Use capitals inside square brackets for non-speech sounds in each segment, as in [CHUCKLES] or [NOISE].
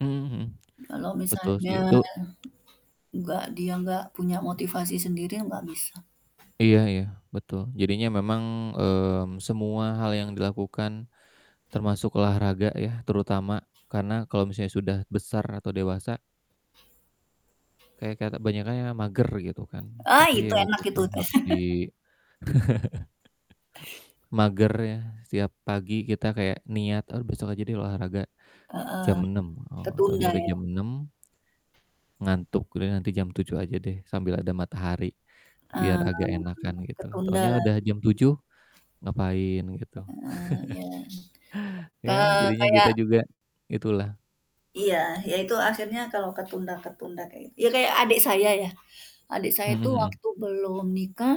Mmm, mhm. Kalau Betul sih misalnya itu enggak dia nggak punya motivasi sendiri, enggak bisa. Iya iya, betul jadinya memang, mmm, semua hal yang dilakukan termasuk olahraga ya terutama, karena kalo misalnya sudah besar atau dewasa kayak kate banyakan yang mager gitu kan. Ah, Tapi itu ya itu enak itu sih teh. harus di [CHUCKLES] [CHUCKLES] magernya setiap pagi kita kayak niat, "Aduh, besok aja deh olahraga Heeh, jam 06:00." Oh, tahunya ketunda udah ya? jam 06:00 ngantuk deh nanti jam 07:00 aja deh, sambil ada matahari biar Eee, agak enakan, gitu. ketunda Tahunya udah lagi. jam 07:00 ngapain gitu, Heeh, iya. [CHUCKLES] Iya Eee, jadinya kayak kita juga itulah. Iya, ya itu akhirnya kalau ketunda-ketunda kayak ya kayak adik saya ya, adik saya Mhm itu mhm. waktu belum nikah,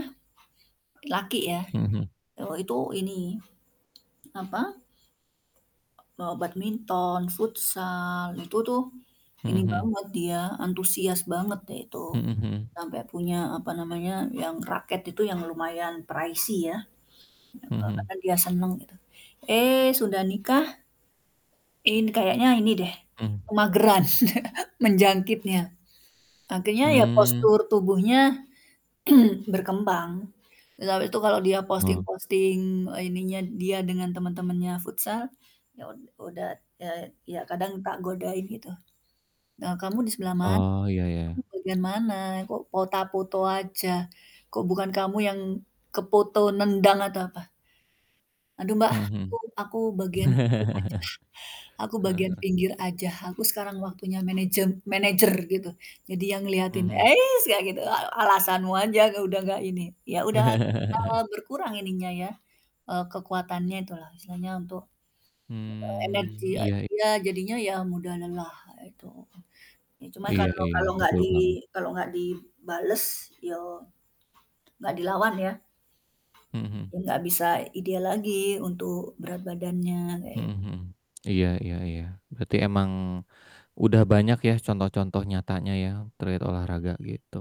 laki ya. Mhm mhm. Oh itu ini, apa, mau badminton, futsal, itu tuh Mhm ini mhm. banget dia, antusias banget deh itu. Mhm mhm. Sampai punya, apa namanya, yang raket itu yang lumayan pricey ya. Iya, Mhm Kak mhm. karena dia seneng gitu. Eee, sudah nikah ini kayaknya ini deh Hmm. kemageran [CHUCKLES] menjangkitnya. Akhirnya ya Hmm. postur tubuhnya [CLEARS THROAT] berkembang, [UNINTELLIGIBLE] itu kalau dia Heeh. posting-posting ininya dia dengan teman-temannya futsal, ya ud udat eee, ya kadang tak godain gitu, "E kamu di sebelah mana? Oh, iya iya Kamu iya. bagian mana? Kok fota foto aja? Kok bukan kamu yang kefoto nendang atau apa?" "Aduh, Mbak Mhm aku mhm. aku bagian pinggir aja [LAUGHS] aku Heeh bagian heeh. pinggir aja, aku sekarang waktunya managem manager gitu, jadi yang ngeliatin." Mhm. Eits kayak gitu, "A alasanmu aja udah nggak ini," ya udah lah kalau berkurang [LAUGHS] ininya ya, e kekuatannya itu lah, istilahnya untuk, eee, energi Hmm, iya, iy dia jadinya ya mudah lelah itu. Ya cuma Iya kalau iya, kalau gak betul di banget. kalau gak dibales yo, gak dilawan ya, Mhm mhm. ya gak bisa ideal lagi untuk berat badannya, Mhm kayak mhm. iya iya iya, berarti emang udah banyak ya contoh-contoh nyatanya ya, terkait olahraga gitu.